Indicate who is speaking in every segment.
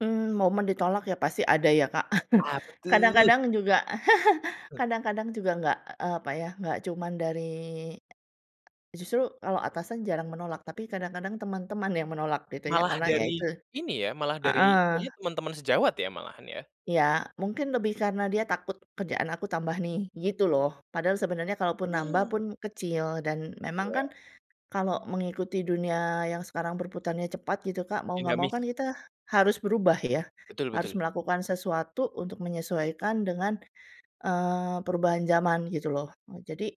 Speaker 1: Mmm, momen ditolak ya, pasti ada ya, Kak.
Speaker 2: Apa tuh?
Speaker 1: Kadang-kadang juga
Speaker 2: Eee.
Speaker 1: kadang-kadang juga enggak, eee, apa ya, enggak cuma dari justru kalau atasan jarang menolak, tapi kadang-kadang teman-teman yang menolak gitu ya,
Speaker 2: Malah
Speaker 1: karena ya itu
Speaker 2: dari ini ya, malah dari
Speaker 1: heeh.
Speaker 2: taunya temen-temen sejawat ya, malahan ya?
Speaker 1: Ya, mungkin lebih karena dia takut, "kerjaan aku tambah nih," gitu loh. Padahal sebenarnya kalaupun nambah
Speaker 2: Oh.
Speaker 1: pun kecil. Dan memang
Speaker 2: Iya.
Speaker 1: kan kalau mengikuti dunia yang sekarang berputarnya cepat gitu, Kak, mau nggak mau
Speaker 2: Dinamis.
Speaker 1: kan kita harus berubah ya.
Speaker 2: Betul
Speaker 1: Harus
Speaker 2: betul.
Speaker 1: melakukan sesuatu untuk menyesuaikan dengan, eee, perubahan zaman, gitu loh. Jadi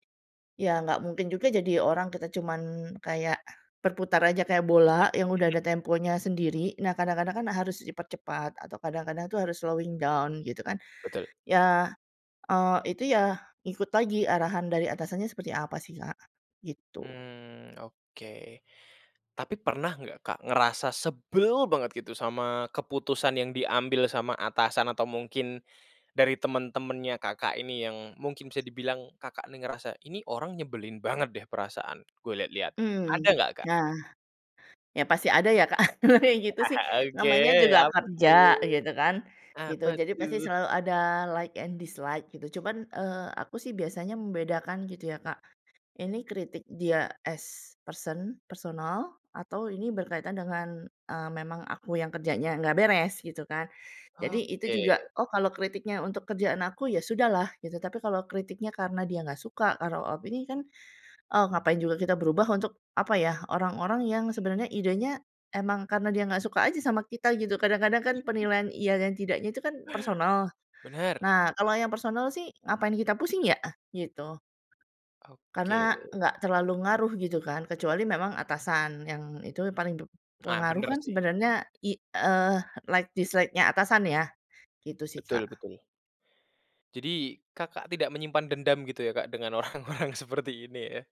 Speaker 1: ya nggak mungkin juga jadi orang kita cuman kayak berputar aja kayak bola yang udah ada temponya sendiri. Nah, kadang-kadang kan harus dipercepat atau kadang-kadang tuh harus slowing down, gitu kan.
Speaker 2: Betul.
Speaker 1: Ya, eee, itu ya, ikut lagi arahan dari atasannya seperti apa sih, Kak, gitu.
Speaker 2: Mmm, oke. Tapi pernah nggak, Kak, ngerasa sebel banget gitu sama keputusan yang diambil sama atasan atau mungkin dari temen-temennya Kakak ini yang mungkin bisa dibilang Kakak ini ngerasa, "Ini orang nyebelin banget deh, perasaan gue lihat-lihat." Ada
Speaker 1: Mhm,
Speaker 2: nggak, Kak?
Speaker 1: nah, ya pasti ada ya, Kak. Kalo kayak gitu
Speaker 2: Ah
Speaker 1: sih
Speaker 2: hah. Oke,
Speaker 1: namanya juga
Speaker 2: apa
Speaker 1: kerja,
Speaker 2: tuh?
Speaker 1: gitu kan, gitu.
Speaker 2: Apa
Speaker 1: Jadi pasti
Speaker 2: tuh?
Speaker 1: selalu ada like and dislike, gitu. Cuman, eee, aku sih biasanya membedakan, gitu ya, Kak, ini kritik dia as person, personal atau ini berkaitan dengan, eee, memang aku yang kerjanya nggak beres, gitu kan. Jadi itu juga,
Speaker 2: Oke.
Speaker 1: oh, kalau kritiknya untuk kerjaan aku, ya sudahlah gitu. Tapi kalau kritiknya karena dia nggak suka, karena opini kan, oh, ngapain juga kita berubah untuk apa ya, orang-orang yang sebenarnya idenya emang karena dia nggak suka aja sama kita gitu, kadang-kadang kan penilaian iya dan tidaknya itu kan personal.
Speaker 2: Benar.
Speaker 1: Nah, kalau yang personal sih, ngapain kita pusing ya? Gitu. Karena
Speaker 2: Oke.
Speaker 1: nggak terlalu ngaruh, gitu kan, kecuali memang atasan. Yang itu paling
Speaker 2: Ah,
Speaker 1: berpengaruh
Speaker 2: bener
Speaker 1: kan
Speaker 2: sih.
Speaker 1: sebenarnya i eee, like dislike-nya atasan, ya. Gitu sih,
Speaker 2: Betul
Speaker 1: Kak.
Speaker 2: betul. Jadi Kakak tidak menyimpan dendam gitu ya, Kak, dengan orang-orang seperti ini, ya?